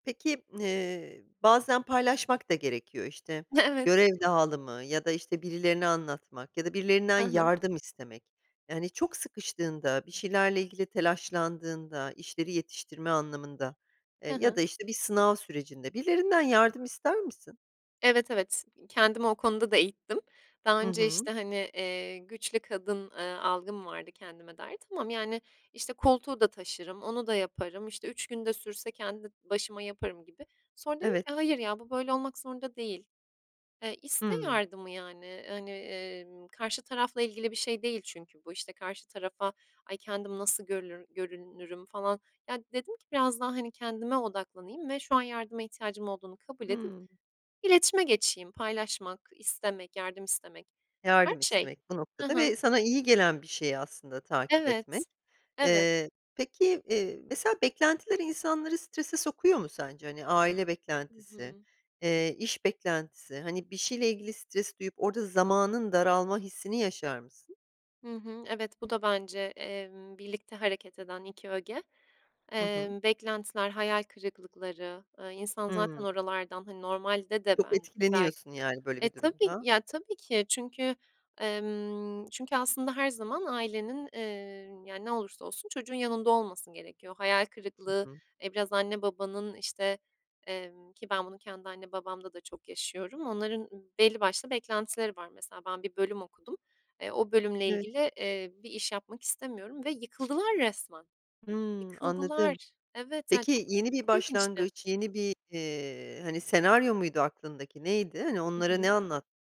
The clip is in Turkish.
Peki, ııı, bazen paylaşmak da gerekiyor. İşte, Evet. görev dağılımı ya da işte birilerine anlatmak ya da birilerinden Hı hı. yardım istemek. Yani, çok sıkıştığında, bir şeylerle ilgili telaşlandığında, işleri yetiştirme anlamında, Hı ııı, ya hı. da işte bir sınav sürecinde birilerinden yardım ister misin? Evet, evet. Kendimi o konuda da eğittim daha Hı önce. hı. İşte, hani, iii, güçlü kadın, ııı, algım vardı kendime dair. Tamam, yani, işte, koltuğu da taşırım, onu da yaparım, işte, 3 gün de sürse kendi başıma yaparım gibi. Sonra dedim Evet. ki, "Hayır ya, bu böyle olmak zorunda değil." Iıı, işte, Hıı. yardımı, yani, hani, ımm, karşı tarafla ilgili bir şey değil çünkü bu. İşte, karşı tarafa, "Ay, kendim nasıl görlür görülürüm?" falan. Ya dedim ki biraz daha, hani, kendime odaklanayım ve şu an yardıma ihtiyacım olduğunu kabul edip Hıı. iletişime geçeyim. Paylaşmak, istemek, yardım istemek, her Yardım şey. istemek bu Hı noktada hı. ve sana iyi gelen bir şeyi aslında takip Evet. etmek. Evet. Iıı, peki, iii, mesela beklentiler insanları strese sokuyor mu sence? Hani, aile Hı beklentisi, hı. ııı, iş beklentisi. Hani, bir şeyle ilgili stres duyup orada zamanın daralma hissini yaşar mısın? Hı hı, evet. Bu da bence, emm, birlikte hareket eden 2 öge. Hı hı. Emm, beklentiler, hayal kırıklıkları, ııı, insan zaten Hıı. oralardan, hani, normalde de Çok ben bel etkileniyorsun yani böyle E, bir tabii. durumda. Ya tabii ki çünkü, ımm, çünkü aslında her zaman ailenin, ııı, yani, ne olursa olsun çocuğun yanında olması gerekiyor. Hayal Hı kırıklığı, hı. e, biraz anne babanın, işte, emm, ki ben bunu kendi anne babamda da çok yaşıyorum. Onların belli başlı beklentileri var. Mesela ben bir bölüm okudum, e, o bölümle Evet. ilgili, eee, bir iş yapmak istemiyorum ve yıkıldılar resmen. Hımm, Yıkıldılar. anladım. Evet. Ya, çok, Peki, yeni bir çok ilginçti. başlangıç, yeni bir, iii, hani, senaryo muydu aklındaki, neydi? Hani Hı onlara ne hı. anlattın?